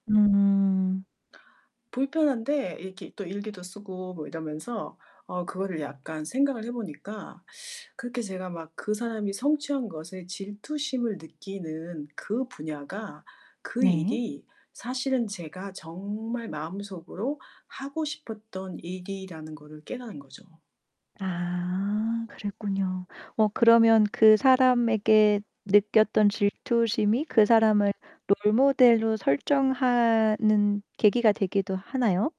음. 불편한데 이렇게 또 일기도 쓰고 뭐 이러면서 어 그거를 약간 생각을 해 보니까 그렇게 제가 막 그 사람이 성취한 것에 질투심을 느끼는 그 분야가, 그 네. 일이 사실은 제가 정말 마음속으로 하고 싶었던 일이라는 거를 깨달은 거죠. 아 그랬군요. 어 그러면 그 사람에게 느꼈던 질투심이 그 사람을 롤 모델로 설정하는 계기가 되기도 하나요?